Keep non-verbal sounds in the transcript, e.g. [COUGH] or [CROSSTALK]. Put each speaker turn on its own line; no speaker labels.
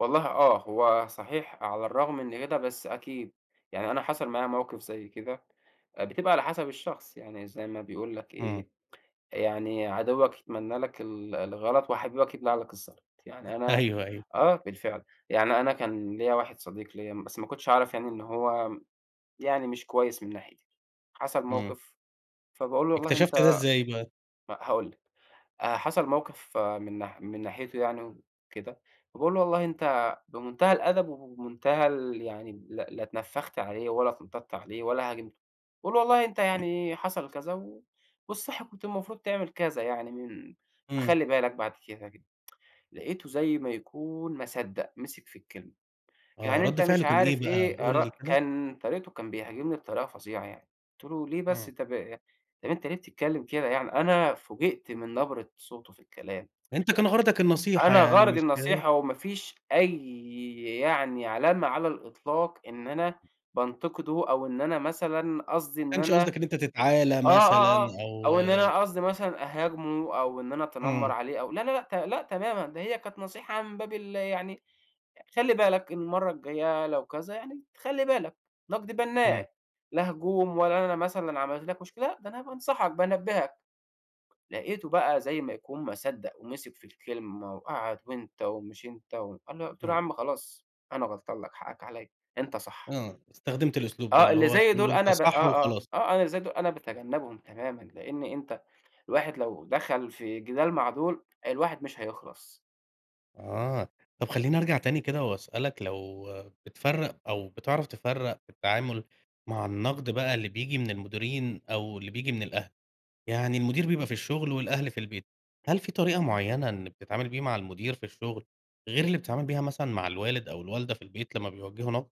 والله آه، هو صحيح على الرغم من كده بس أكيد، يعني أنا حصل معايا موقف زي كده، بتبقى على حسب الشخص يعني زي ما بيقول لك
امم.
إيه، يعني عدوك يتمنّى لك ال الغلط وحبيبك يبلع لك الزلط، يعني أنا
أيوه، أيوه.
آه، بالفعل يعني أنا كان ليَّ واحد صديق ليَّ بس ما كنتش اعرف يعني إن هو يعني مش كويّس من ناحيتي، حصل
امم.
موقف فباقول له والله أنت
اكتشفت ده إزاي بقى؟
ما هاقول لِك حصل موقف من من ناحيته يعني وكده فباقول له والله أنت بمنتهى الأدب وبمنتهى ال يعني ل لا اتنفخت عليه ولا اتنطّطت عليه ولا هاجمته باقول والله أنت يعني حصل كذا والصح كنت المفروض تعمل كذا يعني من
امم.
خلِّ بالك بعد كده، [TSK] لقيته زي ما يكون ما صدّق مسك في الكلمة.
آه،
يعني
ردّ
أنت
فعله
مش
كان إيه
عارف
بقى؟
إيه
قُل
ار
لي كده.
كان طريقته كان بيهاجمني بطريقة فظيعة يعني قلت له: "ليه
امم.
بس، طب أنت ليه بتتكلّم كده يعني؟" أنا فوجئت من نبرة صوته في الكلام.
أنت كان غرضك النصيحة
أنا
يعني
غرضي
مش كده؟
النصيحة وما فيش أي يعني علامة على الإطلاق إن أنا بانتقده أو إن أنا مثلًا قصدي
ما
إن
كانش
أنا
قصدك إن أنت تتعالي
آه،
مثلًا
آه، آه،
أو
أو إن أنا قصدي مثلًا أهاجمه أو إن أنا أتنمّر
امم.
عليه أو لا، لا، لأ، ت لا تمامًا ده هي كانت نصيحة من باب ال يعني خلِّ بالك إن المرّة الجايّة لو كذا يعني خلِّ بالك نقد
امم.
بنّاء، لا هجوم ولا أنا مثلًا عملت لك مشكلة، ده أنا بانصحك بانبّهك، لقيته بقى زي ما يكون ما صدّق ومسك في الكلمة وقعد وأنت ومش أنت أنا قلت له: "يا
امم.
عم خلاص أنا غلطان لك حقك عليّا، أنت صح."
آه، استخدمت الأسلوب ده
آه،
اللي
اللي
هو
زي
تقول
دول
له أنت
أنا ب آه،
صح
آه،
وخلاص.
آه، أنا اللي زي دول أنا باتجنّبهم تمامًا لأن أنت الواحد لو دخل في جدال مع دول الواحد مش هيخلّص.
آه، طب
امم.
خلّيني أرجع تاني كده وأسأل لك لو بتفرق أو بتعرف تفرّق في التعامل مع النقد بقى اللي بييجي من المديرين أو اللي بييجي من الأهل؟ يعني المدير بيبقى في الشغل والأهل في البيت، هل في طريقة معيّنة إنّك بتتعامل بيها مع المدير في الشغل غير اللي بتتعامل بيها مثلًا مع الوالد أو الوالدة في البيت لمّا بيوجّهوا نقد؟